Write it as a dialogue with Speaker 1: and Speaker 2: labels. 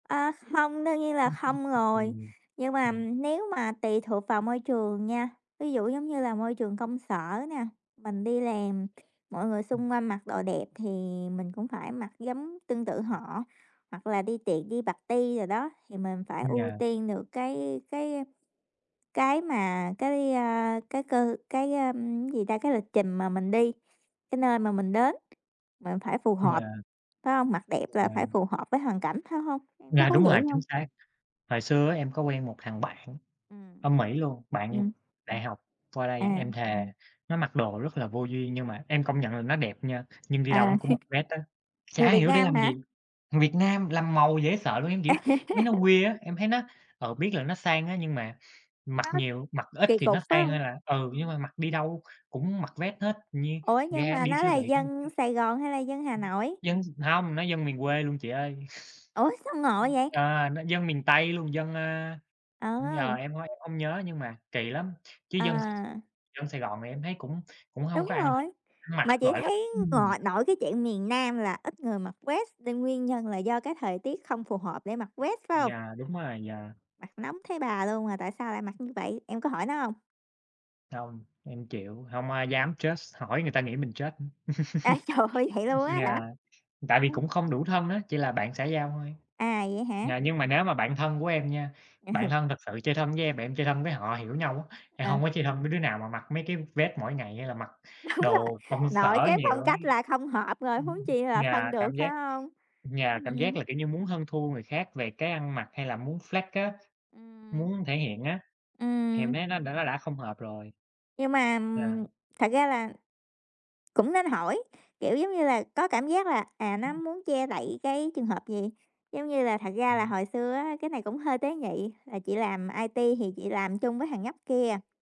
Speaker 1: À, không, đương nhiên là
Speaker 2: [unintelligible]
Speaker 1: không rồi.
Speaker 2: Ừm,
Speaker 1: Nhưng mà
Speaker 2: ừm.
Speaker 1: nếu mà tùy thuộc vào môi trường nha, ví dụ giống như là môi trường công sở nè, mình đi làm kh mọi người
Speaker 2: Ừm.
Speaker 1: xung quanh mặc đồ đẹp thì mình cũng phải mặc giống tương tự họ. Hoặc là đi tiệc, đi party đồ đó thì mình phải ưu
Speaker 2: Dạ.
Speaker 1: tiên được cái cái cái mà cái, a, cái cơ cái, ơm, cái gì ta, cái lịch trình mà mình đi, cái nơi mà mình đến mình phải phù hợp,
Speaker 2: Dạ.
Speaker 1: phải hông? Mặc đẹp là phải
Speaker 2: Dạ.
Speaker 1: phù hợp với hoàn cảnh, phải hông? Em có
Speaker 2: Dạ,
Speaker 1: thấy
Speaker 2: đúng
Speaker 1: vậy
Speaker 2: rồi, chính
Speaker 1: hông?
Speaker 2: xác. Hồi xưa á em có quen một thằng bạn
Speaker 1: Ừm.
Speaker 2: ở Mỹ luôn, bạn
Speaker 1: Ừm.
Speaker 2: đại học qua đây,
Speaker 1: À.
Speaker 2: em thề nó mặc đồ rất là vô duyên nhưng mà em công nhận là nó đẹp nha. Nhưng đi đâu
Speaker 1: À.
Speaker 2: nó cũng mặc vest á,
Speaker 1: Người
Speaker 2: chả
Speaker 1: Việt
Speaker 2: hiểu để
Speaker 1: Nam
Speaker 2: làm
Speaker 1: hả?
Speaker 2: gì, thằng Việt Nam làm màu dễ sợ luôn, em, kiểu, mấy nó weird á, em thấy nó ừ, biết là nó sang á nhưng mà mặc
Speaker 1: Nó
Speaker 2: nhiều mặc ít
Speaker 1: kỳ
Speaker 2: thì nó
Speaker 1: cục, phải
Speaker 2: sang
Speaker 1: hông?
Speaker 2: hơn là ừ, nhưng
Speaker 1: Ừm.
Speaker 2: mà mặc đi đâu cũng mặc vest hết như
Speaker 1: Ủa, nhưng
Speaker 2: ra
Speaker 1: mà
Speaker 2: đi
Speaker 1: nó
Speaker 2: siêu
Speaker 1: là
Speaker 2: thị cũng mặc
Speaker 1: dân
Speaker 2: vest.
Speaker 1: Sài Gòn hay là dân Hà
Speaker 2: Ừm.
Speaker 1: Nội?
Speaker 2: Dân hông, nó dân miền quê luôn chị ơi.
Speaker 1: Ủa, sao ngộ
Speaker 2: Ừm,
Speaker 1: vậy?
Speaker 2: ờ, nó dân miền Tây luôn, dân, à giờ
Speaker 1: Ừ.
Speaker 2: em h em hông nhớ nhưng mà kỳ lắm, chứ dân
Speaker 1: À.
Speaker 2: dân Sài Gòn thì em thấy cũng cũng hông
Speaker 1: Đúng
Speaker 2: có ăn
Speaker 1: rồi,
Speaker 2: ăn mặc,
Speaker 1: mà chị
Speaker 2: gọi là
Speaker 1: thấy
Speaker 2: ừm.
Speaker 1: gội nội cái chuyện miền Nam là ít người mặc vest, nên nguyên nhân là do cái thời tiết không phù hợp để mặc vest, phải hông?
Speaker 2: Dạ, đúng rồi. Dạ.
Speaker 1: Mặc nóng thấy bà luôn mà tại sao lại mặc như vậy, em có hỏi nó hông?
Speaker 2: Hông, em chịu, hông ai dám judge, hỏi người ta nghĩ mình judge.
Speaker 1: A, trời ơi vậy luôn á
Speaker 2: Dạ,
Speaker 1: hả?
Speaker 2: tại vì
Speaker 1: Ưm.
Speaker 2: cũng không đủ thân á, chỉ là bạn xã giao thôi.
Speaker 1: À, vậy hả?
Speaker 2: Dạ, nhưng mà nếu mà bạn thân của em nha,
Speaker 1: Ừ.
Speaker 2: bạn thân thực sự chơi thân với em, và em chơi thân với họ hiểu nhau á, em hông
Speaker 1: À.
Speaker 2: có chơi thân với đứa nào mà mặc mấy cái vest mỗi ngày hay là mặc
Speaker 1: Đúng rồi,
Speaker 2: đồ công
Speaker 1: nội
Speaker 2: sở
Speaker 1: cái
Speaker 2: nhiều
Speaker 1: phong
Speaker 2: á.
Speaker 1: cách là không hợp rồi,
Speaker 2: Ừm.
Speaker 1: huống chi là
Speaker 2: Dạ,
Speaker 1: thân được
Speaker 2: cảm giác
Speaker 1: phải hông?
Speaker 2: dạ, cảm giác
Speaker 1: Ừm.
Speaker 2: là, kiểu như, muốn hơn thua người khác về cái ăn mặc hay là muốn flex á,
Speaker 1: Ừm.
Speaker 2: muốn thể hiện á, thì em
Speaker 1: Ừm.
Speaker 2: thấy nó đã nó đã không hợp rồi.
Speaker 1: Nhưng mà
Speaker 2: Yeah.
Speaker 1: thật ra là cũng nên hỏi, kiểu, giống như là, có cảm giác là, à, nó
Speaker 2: Ừm.
Speaker 1: muốn che đậy cái trường hợp gì. Giống như là thật ra là
Speaker 2: Ừm.
Speaker 1: hồi xưa á cái này cũng hơi tế nhị, là chị làm IT thì chị làm chung với thằng nhóc kia.